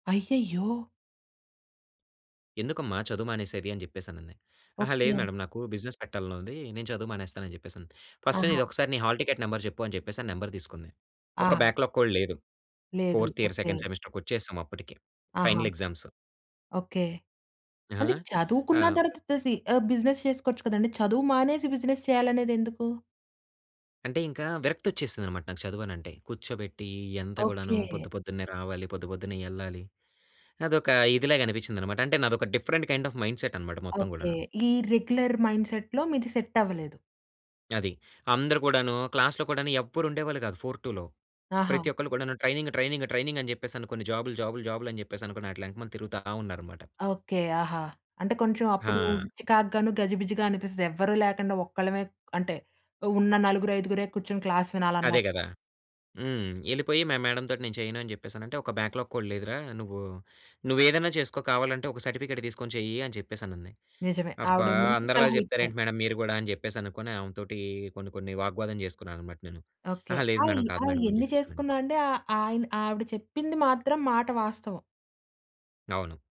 అయ్యయ్యో! ఎందుకమ్మా చదువు మానేసేది? అని జెప్పేసనంది, "అహా! లేదు ఓకే. మేడం నాకు బిజినెస్ పెట్టాలని ఉంది. నేను చదువు మానేస్తాను" అని జెప్పేసంది. "ఫస్ట్ ఆహా! నీది ఒకసారి నీ హాల్ టికెట్ నంబర్ చెప్పు" అని జెప్పేసని అని నంబర్ తీసుకుంది. ఒక ఆహా! బ్యాక్‌లాగ్ కూడా లేదు. లేదు. Fourth year, okay. సెకండ్ సెమిస్టర్‌కి వచ్చేసాం అప్పటికి. ఆహా! Final exams. ఓకే. ఆ! అంటే చదువుకున్న ఆ! తర్వాత త సి ఆహ్, బిజినెస్ చేసుకోవచ్చు కదండి. చదువు మానేసి బిజినెస్ చేయాలనేది ఎందుకు? అంటే ఇంకా విరక్తి వచ్చేసింది అనమాట. నాకు చదువనంటే, కూర్చోబెట్టీ ఈ అంతా గూడాను ఓకే. పొద్దు, పొద్దున్నే రావాలి, పొద్దు పొద్దున్నే ఎళ్ళాలి. అదొక ఇదిలాగా అనిపించింది అనమాట. అంటే, నాదొక డిఫరెంట్ కైండ్ ఆఫ్ మైండ్‌సెట్ అనమాట మొత్తం ఓకే. గూడాను. ఈ రెగ్యులర్ మైండ్‌సె‌ట్‌లో మీది సెట్ అవ్వలేదు. అది. అందరు గూడాను క్లాస్‌లో కూడాను ఎవ్వరు ఉండేవాళ్ళు కాదు 4-2లో ఆహా! ప్రతి ఒక్కళ్ళు కూడాను ట్రైనింగ్ ట్రైనింగ్ ట్రైనింగ్ అని జెప్పేసనుకొని, జాబుల్ జాబుల్ జాబుల్ అని జెప్పేసనుకొని, అట్లా ఎనకమాల తిరుగుతా ఉన్నారనమాట. ఓకే. ఆహా! అంటే కొంచెం అప్పుడూ హా! చికాకుగాను, గజిబిజిగా అనిపిస్తది. ఎవ్వ‌రూ లేకండ ఒక్కళ్ళమే అంటే, ఉన్న నలుగురు, ఐదుగురే కూర్చొని క్లాస్ అదే వినాలన్నాక. గదా! హ్మ్. ఎళ్ళిపోయి మా మేడం తోటి "నేను చేయను" అని జెప్పేసనంటే, "ఒక బ్యాక్‌లాగ్ కూడా లేదురా. నువ్వూ, నువ్వు ఏదైనా చేసుకో. కావాలంటే ఒక సర్టిఫికేట్ తీసుకొని చెయ్యి" అని చెప్పేసనంది. నిజమే, అబ్బా! ఆవిడో మంచి అందరిలా సలహా జెప్తారు ఇచ్చారు. ఏంటి మేడం మీరు గూడా అని, జెప్పేసనుకోని. ఆమె తోటీ కొన్ని, కొన్ని వాగ్వాదం చేసుకున్నాను అనమాట నేను. ఓకే. అహా! లేదు ఆయి మేడం కాదు ఆయి మేడం అని ఎన్ని జెప్పేసాను. చేసుకున్నా అండి. ఆహ్, ఆయన ఆవిడ చెప్పింది మాత్రం, మాట వాస్తవం. అవును.